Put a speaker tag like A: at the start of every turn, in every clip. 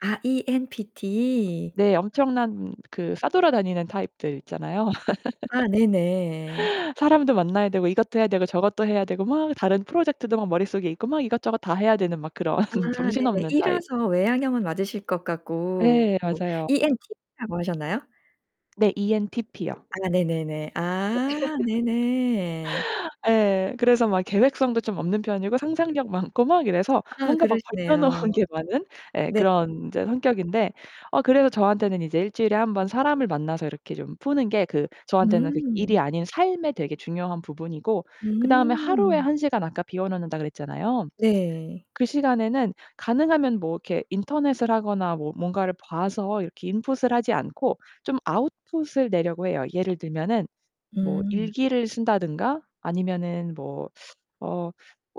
A: 아 ENTP.
B: 네. 엄청난 그 싸돌아다니는 타입들 있잖아요.
A: 아 네 네.
B: 사람도 만나야 되고 이것도 해야 되고 저것도 해야 되고 막 다른 프로젝트도 막 머릿속에 있고 막 이것저것 다 해야 되는 막 그런
A: 아 네네.
B: 정신없는 타입.
A: E라서 외양형은 맞으실 것
B: 예.
A: 같고
B: 맞아요.
A: ENTP라고 하셨나요?
B: 네. ENTP요.
A: 아 네 네 네.
B: 예.
A: 아 네 네.
B: 예. 그래서 막 계획성도 좀 없는 편이고 상상력 많고 막 이래서
A: 아.
B: 뭔가 막 벌여
A: 그러시네요.
B: 놓은 게 많은 예
A: 네.
B: 그런 인제 성격인데 어 그래서 저한테는 이제 1 주일에 1 번 사람을 만나서 이렇게 좀 푸는 게 그 저한테는 그 일이
A: 음.
B: 아닌 삶의 되게 중요한 부분이고 그다음에 하루에
A: 음
B: 1 시간 아까 비워 놓는다고 그랬잖아요.
A: 네.
B: 그 시간에는 가능하면 뭐 이렇게 인터넷을 하거나 뭐 뭔가를 봐서 이렇게 인풋을 하지 않고 좀 아웃풋을 내려고 해요. 예를 들면은 뭐
A: 음.
B: 일기를 쓴다든가 아니면은 뭐 어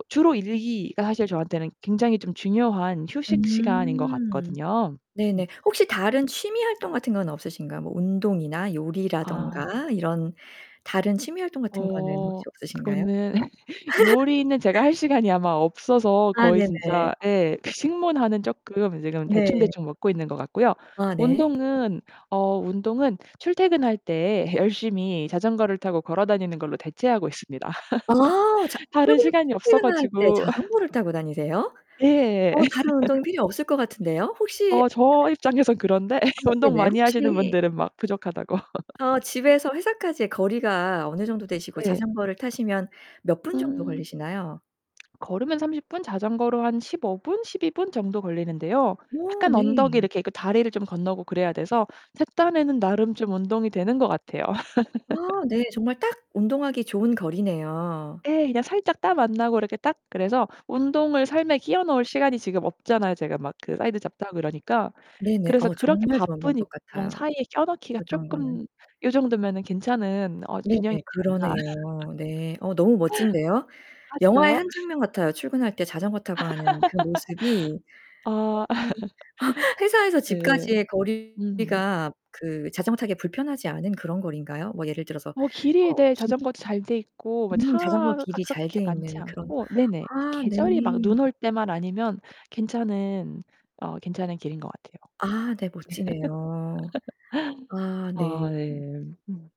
B: 주로 일기가 사실 저한테는 굉장히 좀 중요한 휴식 시간인 것
A: 음
B: 같거든요. 음.
A: 네네. 혹시 다른 취미 활동 같은 건 없으신가요? 뭐 운동이나
B: 아.
A: 요리라든가 이런 다른 취미 활동 같은 거는
B: 어
A: 혹시 없으신가요?
B: 그거는 요리는 제가 할 시간이 아마 없어서
A: 아
B: 거의
A: 네 네.
B: 진짜 예 식문화는 쪼끔 지금
A: 네.
B: 대충대충 먹고 있는 것 같고요.
A: 아 네.
B: 운동은 어 운동은 출퇴근할 때 열심히 자전거를 타고 걸어다니는 걸로 대체하고 있습니다.
A: 아. 자
B: 다른
A: 출근
B: 시간이 없어
A: 출퇴근을 할 때
B: 가지고.
A: 자전거를 타고 다니세요?
B: 예.
A: 어 다른 운동이 필요 없을 것 같은데요. 혹시
B: 어 저 입장에선 그런데
A: 아 뭐
B: 운동
A: 그러네요.
B: 많이 하시는
A: 혹시
B: 분들은 막 부족하다고.
A: 어 집에서 회사까지의 거리가 어느 정도 되시고
B: 예.
A: 자전거를 타시면 몇 분 정도
B: 음.
A: 걸리시나요?
B: 걸으면 30 분, 자전거로 한 15 분, 12 분 정도 걸리는데요.
A: 어
B: 약간 언덕이
A: 네.
B: 이렇게 있고 다리를 좀 건너고 그래야 돼서 제 딴에는 나름 좀 운동이 되는 것 같아요.
A: 아 네. 정말 딱 운동하기 좋은 거리네요.
B: 예. 그냥 살짝 땀 안나고 이렇게 딱 그래서 운동을 삶에 끼워 넣을 시간이 지금 없잖아요 제가 막 그 사이드 잡도 하고 그러니까.
A: 네 네.
B: 그래서
A: 어
B: 그렇게
A: 정말 좋은
B: 바쁜
A: 방법
B: 일정
A: 같아요
B: 사이에 껴 넣기가
A: 자전거는.
B: 쪼끔 요 정도면은 괜찮은 어
A: 네.네.
B: 균형이지 않나.
A: 그러네요. 네. 어 너무 멋진데요.
B: 아
A: 영화의
B: 진짜요?
A: 한 장면 같아요. 출근할 때 자전거 타고 하는 그 모습이
B: 아.
A: 너무 회사에서
B: 예.
A: 집까지의
B: 음.
A: 거리가 그 자전거 타기에 불편하지 않은 그런 거리인가요? 뭐 예를 들어서
B: 뭐 길이
A: 어
B: 네
A: 진
B: 자전거도 잘 돼 있고 뭐
A: 음 자전거
B: 차가
A: 길이 잘
B: 그렇게
A: 돼
B: 많지
A: 있는 그런
B: 않고 네네
A: 아 네.
B: 계절이 막 눈 올 때만 아니면 괜찮은 어 괜찮은 길인 것 같아요.
A: 아 네. 멋지네요. 아
B: 네.
A: 네.
B: 아
A: 음.
B: 예. 음.